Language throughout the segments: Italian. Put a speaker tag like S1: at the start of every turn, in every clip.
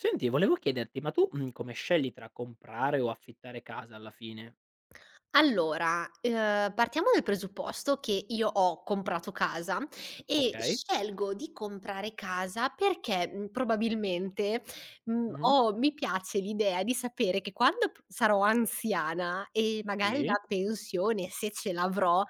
S1: Senti volevo chiederti ma tu, mhmm, come scegli tra comprare o affittare casa alla fine?
S2: Allora, ehm, partiamo dal presupposto che io ho comprato casa. E
S1: Okay.
S2: scelgo di comprare casa perché, mhmm, probabilmente, mhmm,
S1: Mh-mh.
S2: ho mi piace l'idea di sapere che quando p sarò anziana e magari
S1: Sì.
S2: la pensione, se ce l'avrò,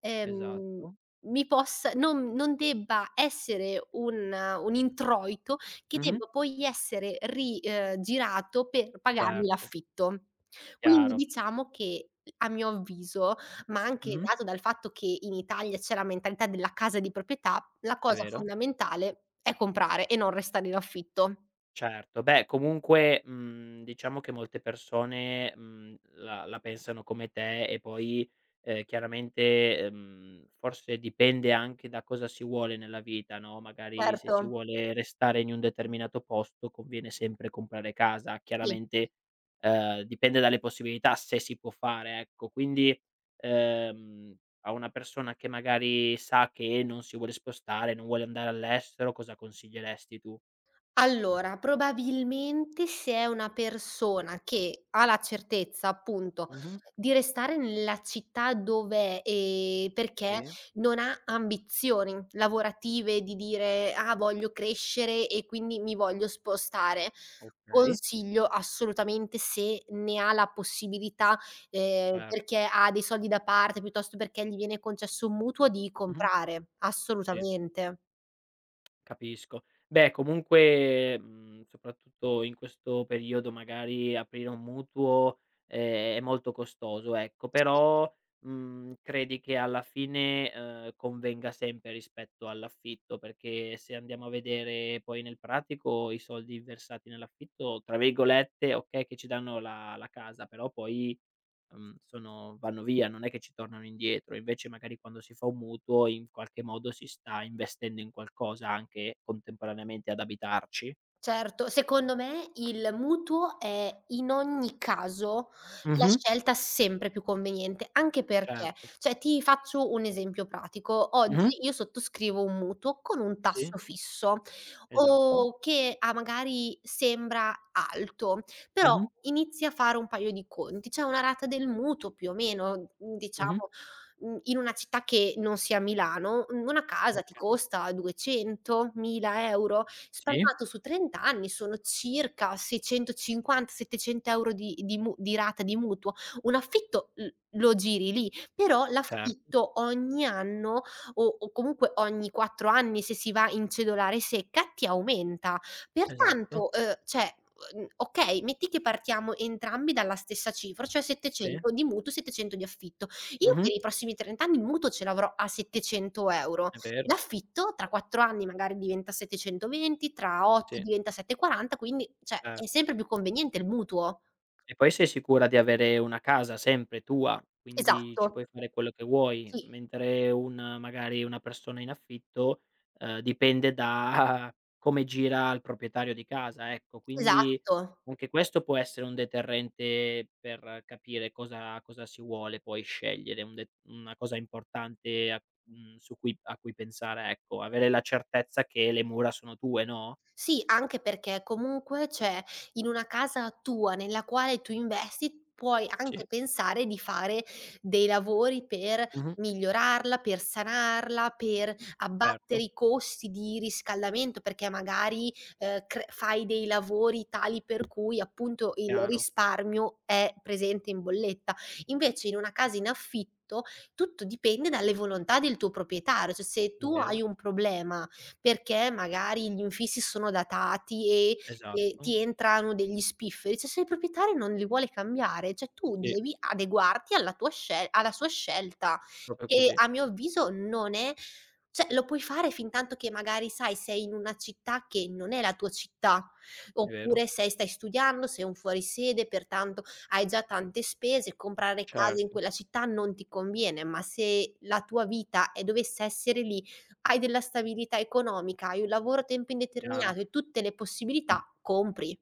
S2: ehm,
S1: Esatto.
S2: mi possa non non debba essere un un introito che
S1: Mh-mh.
S2: debba poi essere ri ehm, girato per pagarmi
S1: Certo.
S2: l'affitto. Quindi
S1: Chiaro.
S2: diciamo che, a mio avviso, ma anche
S1: Mh-mh.
S2: dato dal fatto che in Italia c'è la mentalità della casa di proprietà, la
S1: È
S2: cosa
S1: vero.
S2: fondamentale è comprare e non restare in affitto.
S1: Certo. Beh comunque, mhmm, diciamo che molte persone, mhmm, la la pensano come te, e poi, ehm, chiaramente, ehm, forse dipende anche da cosa si vuole nella vita, no, magari se si
S2: Certo.
S1: vuole restare in un determinato posto conviene sempre comprare casa
S2: Sì.
S1: chiaramente, ehm, dipende dalle possibilità se si può fare, ecco. Quindi, ehm, a una persona che magari sa che non si vuole spostare, non vuole andare all'estero, cosa consiglieresti tu?
S2: Allora, probabilmente se è una persona che ha la certezza appunto
S1: Mh-mh.
S2: di restare nella città dov'è, ehm, perché
S1: Sì.
S2: non ha ambizioni lavorative di dire: "Ah voglio crescere e quindi mi voglio spostare",
S1: Okay.
S2: consiglio assolutamente, se ne ha la possibilità, ehm,
S1: Cer
S2: perché ha dei soldi da parte piuttosto perché gli viene concesso un mutuo, di
S1: Mh-mh.
S2: comprare.
S1: Sì.
S2: Assolutamente.
S1: Capisco. Beh comunque, mhmm, soprattutto in questo periodo magari aprire un mutuo è molto costoso, ecco.
S2: [unintelligible]
S1: Però, mhmm, credi che alla fine, ehm, convenga sempre rispetto all'affitto? Perché se andiamo a vedere poi nel pratico i soldi versati nell'affitto, tra virgolette, okay, che "ci danno la la casa" però poi, mhmm, sono vanno via, non è che ci tornano indietro. Invece magari quando si fa un mutuo in qualche modo si sta investendo in qualcosa, anche contemporaneamente ad abitarci.
S2: Certo! Secondo me il mutuo è, in ogni caso, la
S1: Mh-mh.
S2: scelta sempre più conveniente. Anche perché,
S1: Certo.
S2: cioè ti faccio un esempio pratico:
S1: Mh-mh.
S2: oggi io sottoscrivo un mutuo con un
S1: Sì.
S2: tasso fisso
S1: Esatto.
S2: o che a magari sembra alto, però,
S1: Mh-mh.
S2: inizi a fare un paio di conti. C'è una rata del mutuo più o meno, mhmm,
S1: Mh-mh.
S2: diciamo, mhmm, in una città che non sia Milano, mhmm, una casa ti
S1: Okay.
S2: costa 200.000 €?
S1: Sì.
S2: Spalmato su 30 anni sono circa 650, 700 € di di mu di rata di mutuo. Un affitto l lo giri lì. Però
S1: Cer
S2: l'affitto ogni anno o o comunque ogni 4 anni, se si va in cedolare secca, ti aumenta.
S1: Esatto.
S2: Pertanto, ehm, cioè, uhm, okay, metti che partiamo entrambi dalla stessa cifra, cioè
S1: Sì.
S2: 700 di mutuo e 700 di affitto. Io per
S1: Mh-mh.
S2: i prossimi 30 anni il mutuo ce l'avrò a 700 euro,
S1: È vero!
S2: l'affitto tra 4 anni magari diventa 720, tra 8
S1: Sì.
S2: diventa 740, quindi cioè
S1: Cer
S2: è sempre più conveniente il mutuo.
S1: E poi sei sicura di avere una casa sempre tua. Quindi ci
S2: Esatto!
S1: puoi fare quello che vuoi,
S2: Sì.
S1: mentre un magari una persona in affitto, ehm, dipende da come gira al proprietario di casa, ecco. Quindi
S2: Esatto!
S1: anche questo può essere un deterrente per capire cosa cosa si vuole poi scegliere, un de una cosa importante, mhmm, su cui a cui pensare ecco. Avere la certezza che le mura sono tue, no?
S2: Sì, anche perché comunque c'è in una casa tua, nella quale tu investi, puoi
S1: Sì.
S2: anche pensare di fare dei lavori per
S1: Mh-mh.
S2: migliorarla, per sanarla, per abbattere
S1: Certo.
S2: i costi di riscaldamento. Perché magari, ehm, cr fai dei lavori tali per cui appunto il
S1: Chiaro.
S2: risparmio è presente in bolletta. Invece in una casa in affitto tutto dipende dalle volontà del tuo proprietario. Cioè se
S1: È
S2: tu hai
S1: vero.
S2: un problema perché magari gli infissi sono datati e e
S1: Esatto.
S2: ti entrano degli spifferi, cioè se il proprietario non li vuole cambiare, cioè tu
S1: Sì.
S2: devi adeguarti alla tua scel alla sua scelta.
S1: Proprio
S2: E
S1: così.
S2: a mio avviso non è cioè lo puoi fare fintanto che, magari sai, sei in una città che non è la tua città.
S1: È vero.
S2: Oppure se stai studiando, sei un fuori sede, pertanto hai già tante spese. Comprare case in
S1: Certo.
S2: quella città non ti conviene. Ma se la tua vita e dovesse essere lì, hai della stabilità economica, hai un lavoro a tempo
S1: Chiaro.
S2: indeterminato e tutte le possibilità: compri!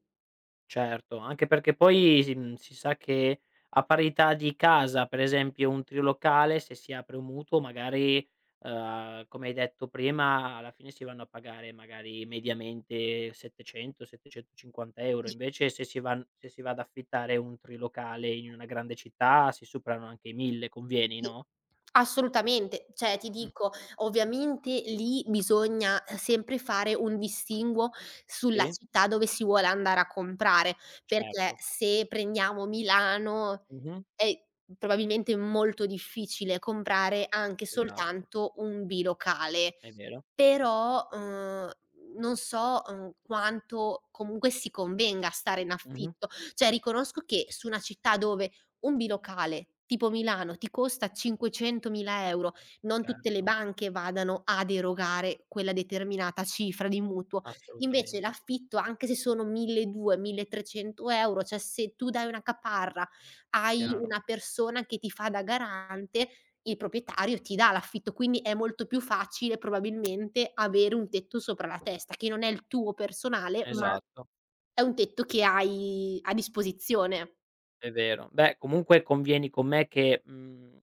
S1: Certo anche perché poi si, mhmm, si sa che a parità di casa, per esempio un trilocale, se si apre un mutuo magari, ehm, come hai detto prima, alla fine si vanno a pagare magari mediamente 700, 750 €
S2: Sì.
S1: invece se si van se si va ad affittare un trilocale in una grande città si superano anche i 1000. Convieni,
S2: Sì.
S1: no?
S2: Assolutamente! Cioè, ti
S1: Mh.
S2: dico ovviamente lì bisogna sempre fare un distinguo sulla
S1: Sì.
S2: città dove si vuole andare a comprare. Perché
S1: Certo.
S2: se prendiamo Milano
S1: Mh-mh.
S2: è probabilmente molto difficile comprare anche
S1: Esatto.
S2: soltanto un bilocale.
S1: È vero.
S2: Però, ehm, non so, ehm, quanto comunque si convenga stare in
S1: Mh-mh.
S2: affitto. Cioè riconosco che su una città dove un bilocale, tipo Milano, ti costa 500.000 €, non tutte le
S1: Certo.
S2: banche vadano ad erogare quella determinata cifra di mutuo. Invece
S1: Assolutamente.
S2: l'affitto anche se sono 1200, 1300 €, cioè se tu dai una caparra, hai
S1: Chiaro.
S2: una persona che ti fa da garante, il proprietario ti dà l'affitto. Quindi è molto più facile probabilmente avere un tetto sopra la testa. Che non è il tuo personale ma
S1: Esatto.
S2: è un tetto che hai a disposizione.
S1: È vero. Beh comunque convieni con me che, mhmm,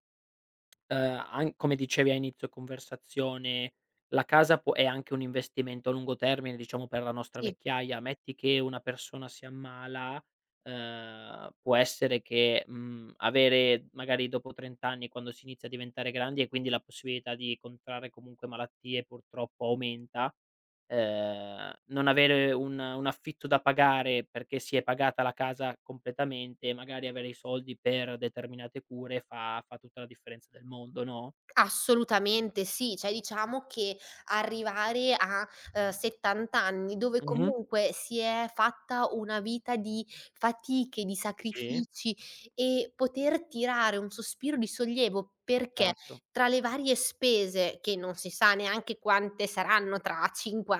S1: ehm, an come dicevi a inizio conversazione la casa può è anche un investimento a lungo termine, diciamo per la nostra
S2: Sì.
S1: vecchiaia. Metti che una persona si ammala, ehm, può essere che, mhmm, avere magari dopo 30 anni, quando si inizia a diventare grandi e quindi la possibilità di contrarre comunque malattie purtroppo aumenta, ehm, non avere un un affitto da pagare perché si è pagata la casa completamente e magari avere i soldi per determinate cure fa fa tutta la differenza del mondo, no?
S2: Assolutamente sì! Cioè diciamo che arrivare a, ehm, 70 anni dove
S1: Mh-mh.
S2: comunque si è fatta una vita di fatiche, di
S1: Sì.
S2: sacrifici e poter tirare un sospiro di sollievo, perché
S1: Certo.
S2: tra le varie spese, che non si sa neanche quante saranno tra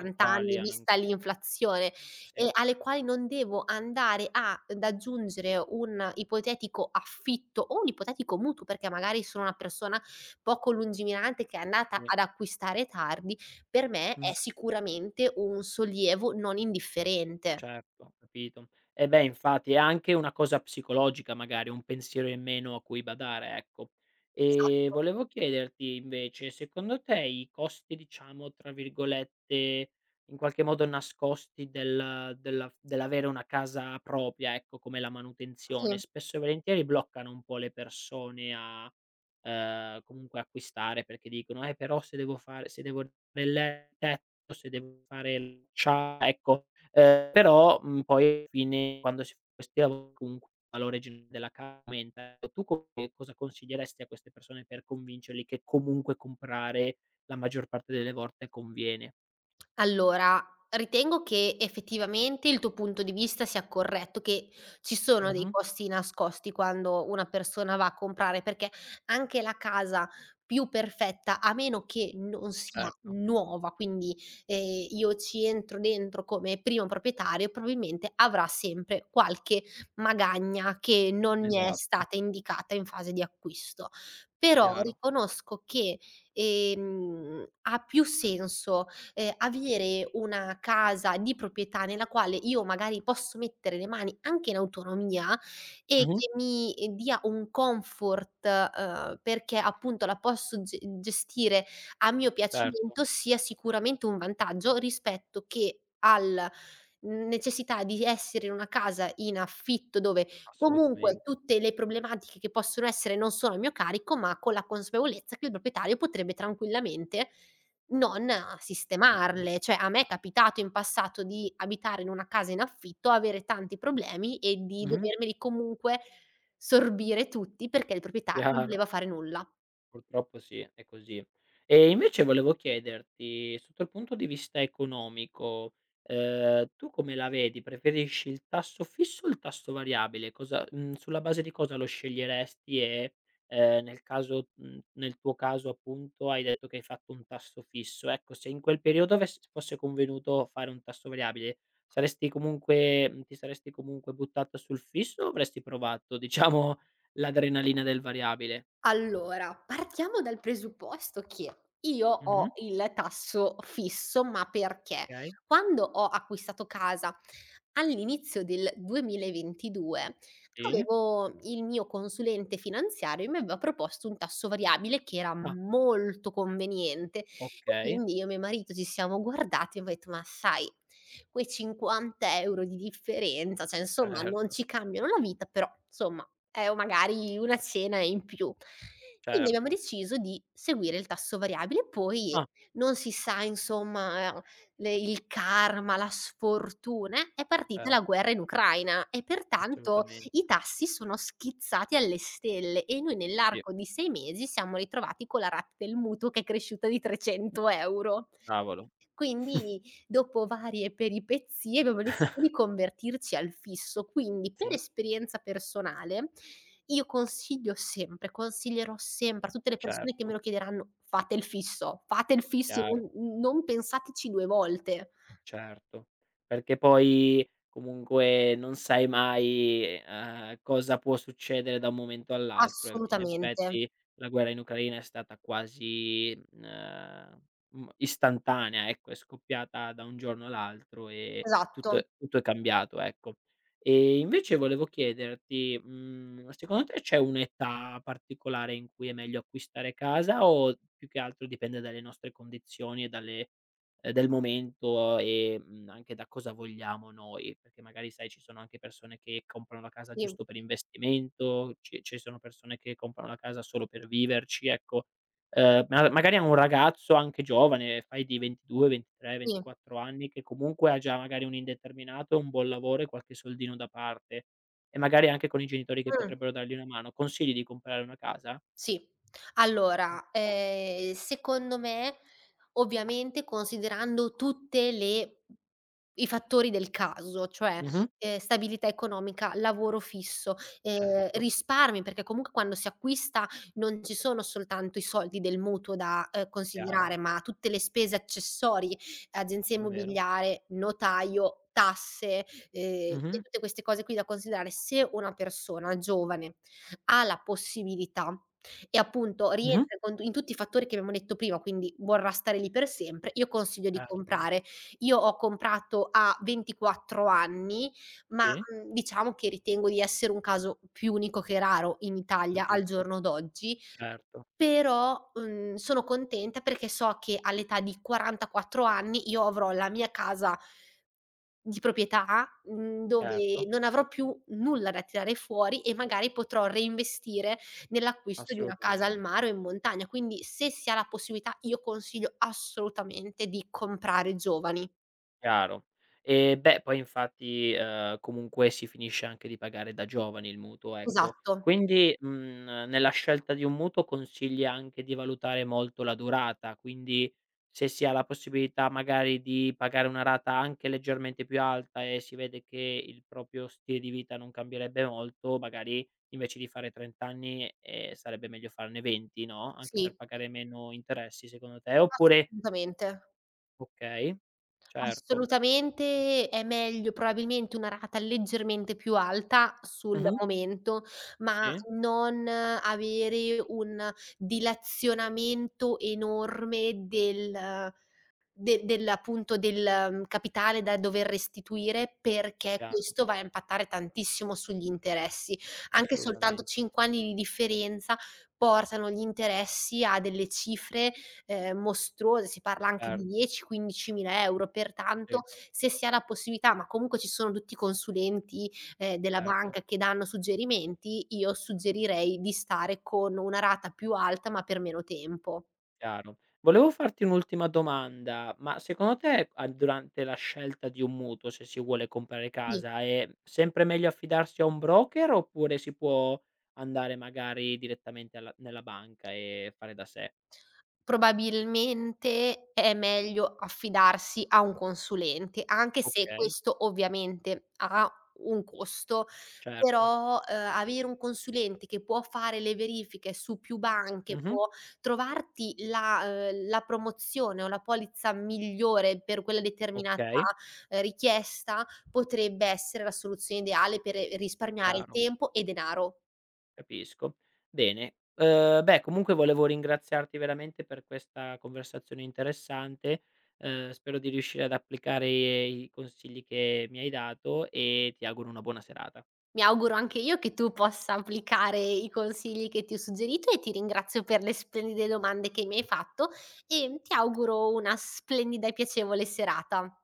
S1: E quali,
S2: anni, vista
S1: anche.
S2: l'inflazione,
S1: Sì.
S2: e alle quali non devo andare ad aggiungere un ipotetico affitto o un ipotetico mutuo perché magari sono una persona poco lungimirante che è andata
S1: Sì.
S2: ad acquistare tardi, per me è
S1: Mh.
S2: sicuramente un sollievo non indifferente.
S1: Certo, ho capito. Eh beh infatti, è anche una cosa psicologica, magari un pensiero in meno a cui badare, ecco. E
S2: Esatto.
S1: volevo chiederti invece secondo te i costi diciamo tra virgolette "in qualche modo nascosti del della f dell'avere una casa propria" ecco, come la manutenzione,
S2: Sì.
S1: spesso e volentieri bloccano un po' le persone a, ehm, comunque acquistare, perché dicono: "Eh però se devo fare se devo [unintelligible] o se devo fare" [unintelligible] ecco, ehm, però, mhmm, poi fine quando si [unintelligible] comunque valore gen della casa aumenta. Tu come cosa consiglieresti a queste persone per convincerli che comunque comprare la maggior parte delle volte conviene?
S2: Allora, ritengo che effettivamente il tuo punto di vista sia corretto. Che ci sono dei
S1: Mh-mh.
S2: costi nascosti quando una persona va a comprare. Perché anche la casa più perfetta, a meno che non sia
S1: Certo.
S2: nuova, quindi, ehm, io ci entro dentro come primo proprietario, probabilmente avrà sempre qualche magagna che non mi è
S1: Esatto.
S2: stata indicata in fase di acquisto. Però
S1: Chiaro.
S2: riconosco che, ehm, ha più senso, ehm, avere una casa di proprietà nella quale io magari posso mettere le mani, anche in autonomia, e
S1: Mh-mh.
S2: che mi dia un comfort, ehm, perché appunto la posso ge gestire a mio
S1: Certo.
S2: piacimento, sia sicuramente un vantaggio rispetto che al necessità di essere in una casa in affitto dove comunque
S1: Assolutamente.
S2: tutte le problematiche che possono essere non sono a mio carico ma con la consapevolezza che il proprietario potrebbe tranquillamente non, uhm,
S1: Certo.
S2: sistemarle. Cioè a me è capitato in passato di abitare in una casa in affitto, avere tanti problemi e di
S1: Mh-mh.
S2: dovermeli comunque sorbire tutti perché il proprietario non
S1: Chiaro.
S2: voleva fare nulla.
S1: Purtroppo sì è così. E invece volevo chiederti sotto al punto di vista economico, ehm, tu come la vedi, preferisci il tasso fisso o il tasso variabile? Cosa, mhmm, sulla base di cosa lo sceglieresti e, ehm, nel caso, mhmm, nel tuo caso appunto, hai detto che hai fatto un tasso fisso. Ecco, se in quel periodo avess fosse convenuto fare un tasso variabile, saresti comunque ti saresti comunque buttata sul fisso o avresti provato diciamo l'adrenalina del variabile?
S2: Allora, partiamo dal presupposto che io
S1: Mh-mh.
S2: ho il tasso fisso ma perché
S1: Okay.
S2: quando ho acquistato casa all'inizio del 2022
S1: Sì.
S2: avevo il mio consulente finanziario e mi aveva proposto un tasso variabile che era
S1: Ah!
S2: molto conveniente.
S1: Okay.
S2: Quindi io e mio marito ci siamo guardati e abbia detto: "Ma sai quei 50 € di differenza, cioè insomma, non
S1: Certo.
S2: ci cambiano la vita, però insomma è o magari una cena in più". Quindi abbiamo
S1: Certo.
S2: deciso di seguire il tasso variabile, poi
S1: Ah.
S2: non si sa insomma le il karma, la sfortuna, eh, è partita
S1: Cer
S2: la guerra in Ucraina e pertanto
S1: Assolutamente.
S2: i tassi sono schizzati alle stelle. E noi
S1: Sì.
S2: nell'arco di 6 mesi siamo ritrovati con la rata del mutuo che è cresciuta di 300 €.
S1: Cavolo!
S2: Quindi dopo varie peripezie abbiamo deciso di convertirci al fisso, quindi per
S1: Sì.
S2: esperienza personale io consiglio sempre, consiglierò sempre a tutte le persone che me
S1: Certo.
S2: lo chiederanno: "Fate il fisso! Fate il fisso!
S1: Chiaro.
S2: Non non pensateci 2 volte!"
S1: Certo, perché poi comunque non sai mai, ehm, cosa può succedere da un momento all'altro. Eh in
S2: Assolutamente.
S1: effetti la guerra in Ucraina è stata quasi, mhmm, ehm, istantanea, ecco. È scoppiata da un giorno all'altro e tutto
S2: Esatto.
S1: è tutto è cambiato, ecco. E invece volevo chiederti, mhmm, secondo te c'è un'età particolare in cui è meglio acquistare casa o più che altro dipende dalle nostre condizioni e dalle del momento e, mhmm, anche da cosa vogliamo noi. Perché magari sai ci sono anche persone che comprano la casa
S2: Sì.
S1: giusto per investimento. Ci ci sono persone che comprano la casa solo per viverci, ecco. Ehm, miaga magari a un ragazzo anche giovane, fai di ventidue ventitre
S2: Sì.
S1: ventiquattro anni che comunque ha già magari un indeterminato, un buon lavoro e qualche soldino da parte e magari anche con i genitori che
S2: Mh.
S1: potrebbero dargli una mano. Consigli di comprare una casa?
S2: Sì.
S1: Okay.
S2: Allora, ehm, secondo me, ovviamente considerando tutte le i fattori del caso cioè,
S1: Mh-mh.
S2: ehm, stabilità economica, lavoro fisso, ehm,
S1: Certo.
S2: risparmi perché comunque quando si acquista non ci sono soltanto i soldi del mutuo da, ehm,
S1: Chiaro.
S2: considerare, ma tutte le spese accessorie: agenzia
S1: È vero.
S2: immobiliare, notaio, tasse, ehm, e
S1: Mh-mh.
S2: tutte queste cose qui da considerare. Se una persona giovane ha la possibilità e appunto
S1: Mh-mh.
S2: rientra con tu in tutti i fattori che abbiamo detto prima, quindi vorrà stare lì per sempre, io consiglio di
S1: Certo.
S2: comprare. Io ho comprato a 24 anni ma,
S1: Sì.
S2: mhmm, diciamo che ritengo di essere un caso più unico che raro in Italia al
S1: Capisco,
S2: giorno d'oggi.
S1: certo.
S2: Però, n sono contenta perché so che all'età di 44 anni io avrò la mia casa di proprietà, mhmm, dove
S1: Certo.
S2: non avrò più nulla da tirare fuori e magari potrò reinvestire nell'acquisto di una casa al
S1: Assolutamente.
S2: mare o in montagna. Quindi se si ha la possibilità io consiglio assolutamente di comprare giovani.
S1: Chiaro. Eh beh poi infatti, ehm, comunque si finisce anche di pagare da giovani il mutuo, ecco.
S2: Esatto.
S1: Quindi, mhmm, nella scelta di un mutuo consigli anche di valutare molto la durata. Quindi se si ha la possibilità magari di pagare una rata anche leggermente più alta e si vede che il proprio stile di vita non cambierebbe molto, magari invece di fare 30 anni, ehm, sarebbe meglio farne 20, no, anche per
S2: Sì.
S1: pagare meno interessi secondo te, oppure
S2: Assolutamente.
S1: Okay. Certo.
S2: Assolutamente. È meglio probabilmente una rata leggermente più alta, sul
S1: Mh-mh.
S2: momento, ma
S1: Sì.
S2: non avere un dilazionamento enorme del de del appunto del capitale da dover restituire perché
S1: Chiaro.
S2: questo va a impattare tantissimo sugli interessi. Anche soltanto
S1: Assolutamente.
S2: 5 anni di differenza portano gli interessi a delle cifre, ehm, mostruose. Si parla anche di
S1: Certo.
S2: 10, 15.000 €, pertanto
S1: Sì.
S2: se si ha la possibilità, ma comunque ci sono tutti i consulenti, ehm, della
S1: Certo.
S2: banca che danno suggerimenti, io suggerirei di stare con una rata più alta ma per meno tempo.
S1: Chiaro. Volevo farti un'ultima domanda: ma secondo te a durante la scelta di un mutuo, se si vuole comprare
S2: Sì.
S1: casa, è sempre meglio affidarsi a un broker oppure si può andare magari direttamente alla nella banca e fare da sé?
S2: Probabilmente è meglio affidarsi a un consulente, anche se
S1: Okay.
S2: questo, ovviamente, ha un costo.
S1: Certo.
S2: Però, ehm, avere un consulente che può fare le verifiche su più banche
S1: Mh-mh.
S2: può trovarti la, uhm, la promozione o la polizza migliore per quella determinata,
S1: Okay.
S2: ehm, richiesta potrebbe essere la soluzione ideale per risparmiare
S1: Chiaro.
S2: tempo e denaro.
S1: Capisco. Bene. Ehm, beh comunque volevo ringraziarti veramente per questa conversazione interessante. Ehm, spero di riuscire ad applicare i consigli che mi hai dato e ti auguro una buona serata.
S2: Mi auguro anche io che tu possa applicare i consigli che ti ho suggerito e ti ringrazio per le splendide domande che mi hai fatto. E ti auguro una splendida e piacevole serata.